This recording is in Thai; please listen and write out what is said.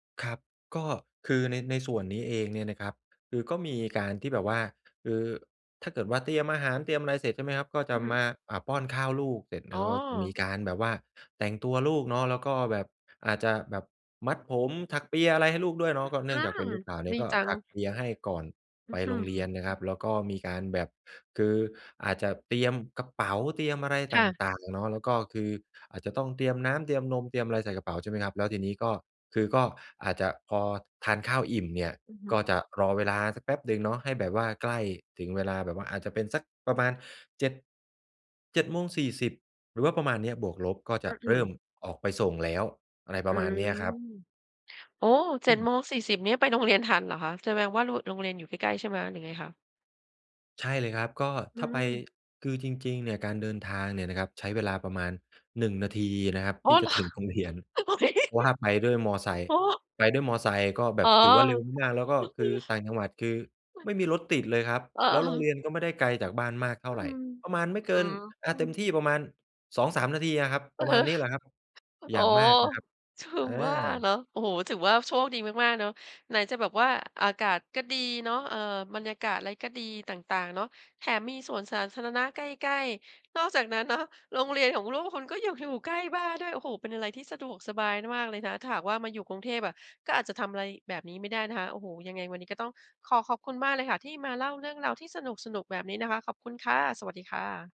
ครับ ก็คือใน ในส่วนนี้เองเนี่ยนะครับ คือก็มีการที่แบบว่า เอ่อ ถ้าเกิดว่า เตรียมอาหาร เตรียมอะไรเสร็จ ใช่ไหมครับ ก็จอะือฮึ มา อ่า ป้อนข้าวลูก เสร็จแลอ๋้วก็จะมีอ การแบบว่าแต่งตัวลูกเนาะ แล้วก็แบบอาจจะแบบมัดผม ถักเปีย อะไรให้ลูกด้วยเอนาะ ก็เนื่อืงจากเป็นอ ลูกสาวเนีด่ีย ก็จัถง ักเปียให้ก่อนอืไ้ปอฮืโรอ งเรียนนะครับ แล้วก็มีการแบบ คืออาจจะเตรียมกระเป๋า เตรียมอะไรคต่ะ ่าง ๆ เนาะ แล้วก็คืออาจจะต้องเตรียมน้ำ เตรียมนม เตรียมอะไรใส่กระเป๋า ใช่ไหมครับ แล้วทีนี้ก็ คือก็อาจจะพอทานข้าวอิ่มเนี่ย อือฮึ ก็จะรอเวลาสักแป๊บหนึ่งเนาะ ให้แบบว่า ใกล้ถึงเวลาแบบว่าอาจจะเป็นสักประมาณ 7- 07:40 น. หรือว่าประมาณเนี้ยบวกลบ ก็จอะือฮเริ่มึ ออกไปส่งแล้ว อะไรปอรืะมาณเนม ี้ยครับ โอ้! เอจื็ดม โมงสี่สิบ เนี่ย ไปโรงเรียนทันเหรอคะ แสดงว่ารุ โรงเรียนอยู่ใกล้ ๆ ใช่ไหมคะ หรือยังไงคะ? ใช่เลยครับ ก็อืถ้าไป ม คือจริง ๆ เนี่ยการเดินทางเนี่ยนะครับ ใช้เวลาประมาณ 1 นาทีอะนะครับ โอท้ ี่เจะ หรอ? ถึงโรงเรียน ว่าไปด้วยมอไซคโอ์ ้! ไปด้วยมอไซค์ก็แบอ๋อ บถือว่าเร็วมาก แล้วก็คือต่างจังหวัดคือค่ะ ไม่มีรถติดเลยครับ อะ แล้อวโรงเรา ียนก็ไม่ได้ไกลจากบ้านมากเท่อาืไร ม ประมาณอืไม้อ่เกิน อ่า ฮืเต็มอ ที่ประมาณ 2-3 นาทีอะครับ อปืร้อะมฮาณือ นี้แหละครับ โออย้่างมโฮ ากนะครับ ถึองว่าเา นาะ โอ้โฮ ถือว่าโชคดีมาก ๆ เนาะ ไหนจะแบบว่าอากาศก็ดีเนาะ เอ่อ บรรยากาศอะไรก็ดี ต่าง ๆ เนาะ แถมมีสวนสาธารณะใกล้ ๆ นอกจากนั้นเนาะ โรงเรียนของลูกคุณก็ยังอยู่ ใกล้บ้านด้วย โอ้โฮ! เป็นอะไรที่สะดวกสบายมากเลยนะ ถ้าหากว่ามาอยู่กรุงเทพอะ ก็อาจจะทำอะไร แบบนี้ไม่ได้นะคะ โอ้โฮ ยังไงวันนี้ก็ต้องขอขอบคุณมากเลยค่ะ ที่มาเล่าเรื่องราวที่สนุก ๆ แบบนี้นะคะ ขอบคุณค่ะ สวัสดีค่ะ